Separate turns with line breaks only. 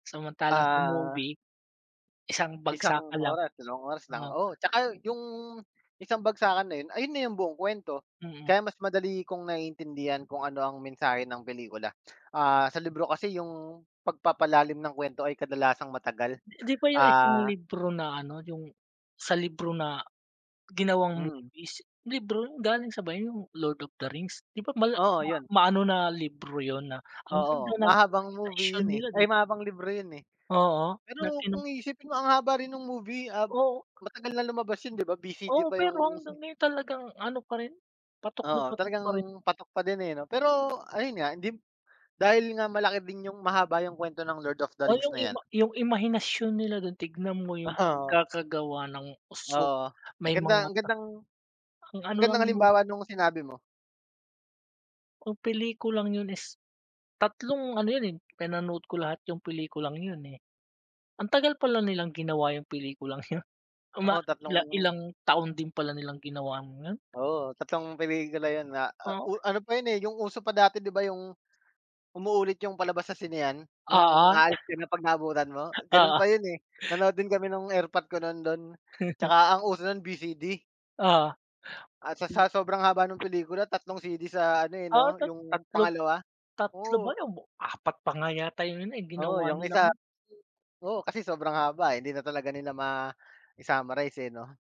Samantalang sa
Ah
movie, isang
isang
bagsakan lang.
oras, dalawang oras lang,
Oo.
oo. Tsaka yung isang bagsakan na yun, ayun na yung buong kwento.
Mm.
Kaya mas madali kong naiintindihan kung ano ang mensahe ng pelikula. Ah, sa libro kasi yung pagpapalalim ng kwento ay kadalasang matagal,
Di di ba yung isang
ah
libro na ano, yung sa libro na ginawang
Hmm.
movies, libro yun galing sa ba yung Lord of the Rings, di ba ma mala
Oo, yun.
maano na libro yun na ang ganda
Oo,
ng
mahabang movie
imahinasyon
yun, eh,
nila, di ba?
ay, mahabang libro yun, eh.
Oo,
Pero
natinong
kung iisipin mo, ang haba rin nung movie, ah,
Oo.
matagal na lumabas yun, di ba?
Oo,
VCD pa yung
pero hanggang ngayon talagang ano pa rin, patok na
Oo,
patok
talagang
pa rin.
patok pa din, eh, ano? Pero ayun nga, dim dahil nga malaki din yung mahaba yung kwento ng Lord of the
O
Rings
yung
na 'yan.
ima yung imahinasyon nila dun tignan mo yung
Oh.
pagkakagawa ng usok
Oo,
may
ganda.
mga
Ang gandang
ang
ang
ano
gandang
lang mo
halimbawa nung sinabi mo.
Ang pelikulang yun is tatlong ano yun, eh. Pinanood ko lahat yung pelikulang yun, eh. Ang tagal pala nilang ginawa yung pelikulang yun. Uma
Oo,
ila
tatlong
ilang taon din pala nilang ginawa yun.
Oo, tattlong pelikula yun na
Oh.
o ano pa yun, eh, yung uso pa dati, di ba, yung umuulit yung palabas sa sinehan.
Oo.
Yung aalis ka na 'pag naabutan mo, ganon
Oo.
pa yun, eh. Nanood din kami nung erpat ko nun dun. Tsaka ang uso nun, VCD.
Oo.
At sa sa sobrang haba ng pelikula, tatlong CD sa ano, eh,
Ah,
'no,
tat
yung
tatlong
pangalawa?
3 ba
Oo.
o 4 pa nga yata yun, eh,
Oo,
ginawa
'yong
nilang
isa
ano
oo. Kasi sobrang haba, eh, di na talaga nila mai-summarize, eh, 'no?